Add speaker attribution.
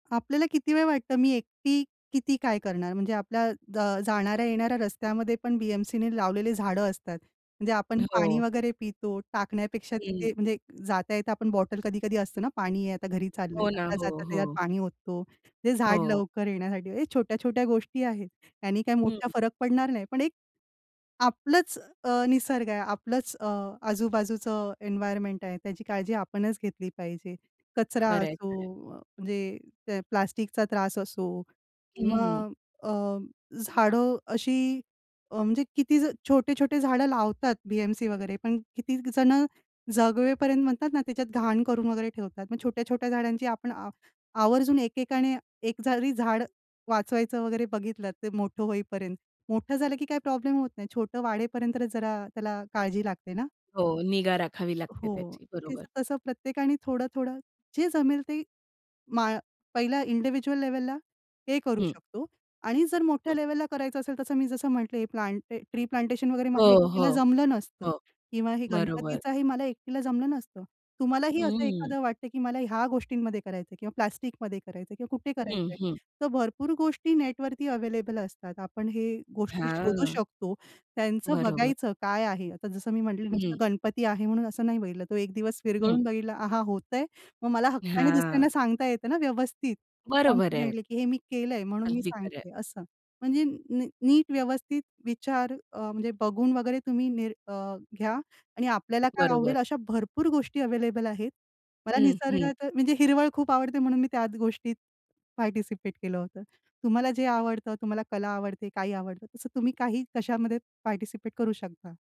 Speaker 1: आपल्याला किती वेळ वाटतं मी एकटी किती काय करणार? म्हणजे आपल्या अ, जाणाऱ्या-येणाऱ्या रस्त्यामध्ये पण बी-एम-सीने लावलेली झाडं असतात. म्हणजे आपण पाणी
Speaker 2: हो.
Speaker 1: वगैरे पितो, टाकण्यापेक्षा
Speaker 2: हं.
Speaker 1: तिथे म्हणजे जाता येता आपण बॉटल कधी-कधी असतं ना पाणी आहे आता घरी चाललंय.
Speaker 2: हो ना. हो,
Speaker 1: जाता-जाता त्याच्यात
Speaker 2: हो.
Speaker 1: पाणी ओततो. ते झाड
Speaker 2: हो.
Speaker 1: लवकर येण्यासाठी हे छोट्या-छोट्या गोष्टी आहेत. त्यांनी काही
Speaker 2: हं.
Speaker 1: मोठा फरक पडणार नाही. पण एक आपलंच अ, निसर्ग आहे आपलंच अ, आजूबाजूचं एन्व्हायर्नमेंट आहे त्याची काळजी आपणच घेतली पाहिजे. कचरा
Speaker 2: खरंय, खरंय.
Speaker 1: असो म्हणजे ते प्लास्टिकचा त्रास असो,
Speaker 2: हं,
Speaker 1: किंवा
Speaker 2: हं.
Speaker 1: अ, झाडं अशी अ, म्हणजे किती छोटे-छोटे झाडं लावतात बी-एम-सी वगैरे पण किती जण जगवेपर्यंत म्हणतात ना त्याच्यात घाण करून वगैरे ठेवतात. मग छोट्या-छोट्या झाडांची आपण आ आवर्जून एकेकाने एक जरी झाड वाचवायचं वगैरे बघितलं तर मोठं होईपर्यंत, मोठं झालं की काय प्रॉब्लेम होत नाही. छोटं वाढेपर्यंत जरा त्याला काळजी लागते ना.
Speaker 2: हो. निगा राखावी लागते
Speaker 1: हो,
Speaker 2: त्याची
Speaker 1: ते
Speaker 2: बरोबर.
Speaker 1: तसं प्रत्येकाने थोडं-थोडं जे जमेल ते माळ पहिल्या इंडिव्हिज्युअल लेव्हलला हे करू
Speaker 2: हं.
Speaker 1: शकतो, आणि जर मोठ्या
Speaker 2: हं.
Speaker 1: लेव्हलला करायचं असेल तसं मी जसं म्हटले हे प्लांट ट्री प्लांटेशन वगैरे मला
Speaker 2: हो, हो.
Speaker 1: एकटीला जमलं नसतं
Speaker 2: हो.
Speaker 1: किंवा हे
Speaker 2: बरोबर.
Speaker 1: गणपतीचाही मला एकटीला जमलं नसतं. तुम्हालाही असं
Speaker 2: हं.
Speaker 1: एखादं वाटतंय की मला ह्या गोष्टींमध्ये करायचंय किंवा प्लास्टिकमध्ये करायचंय किंवा कुठे
Speaker 2: हं,
Speaker 1: करायचंय,
Speaker 2: हं.
Speaker 1: तर भरपूर गोष्टी नेटवरती अवेलेबल असतात. आपण हे गोष्टी शोधू
Speaker 2: हां.
Speaker 1: शकतो, त्यांचं
Speaker 2: बरोबर.
Speaker 1: बघायचं काय आहे, आता जसं मी म्हटलं
Speaker 2: हं.
Speaker 1: नुसतं गणपती आहे म्हणून असं नाही बघितलं तो एक दिवस
Speaker 2: हं.
Speaker 1: विरगळून बघितला आहा होतंय, मग मला हक्काने
Speaker 2: हां.
Speaker 1: दुसऱ्यांना सांगता येतं ना व्यवस्थित
Speaker 2: बरोबर आहे.
Speaker 1: कॉन्फिडेंटली की हे मी केलंय म्हणून मी
Speaker 2: अगदी खरं आहे.
Speaker 1: सांगते असं. म्हणजे नीट व्यवस्थित विचार अ, म्हणजे बघून वगैरे तुम्ही निर अ, घ्या आणि आपल्याला काय
Speaker 2: बरोबर.
Speaker 1: आवडेल अशा भरपूर गोष्टी अवेलेबल आहेत. मला
Speaker 2: हं, हं.
Speaker 1: निसर्गात म्हणजे हिरवळ खूप आवडते म्हणून मी त्या गोष्टीत पार्टिसिपेट केलं होतं. तुम्हाला जे आवडतं तुम्हाला कला आवडते, काही आवडतं तसं तुम्ही काही कशामध्ये पार्टिसिपेट करू शकता.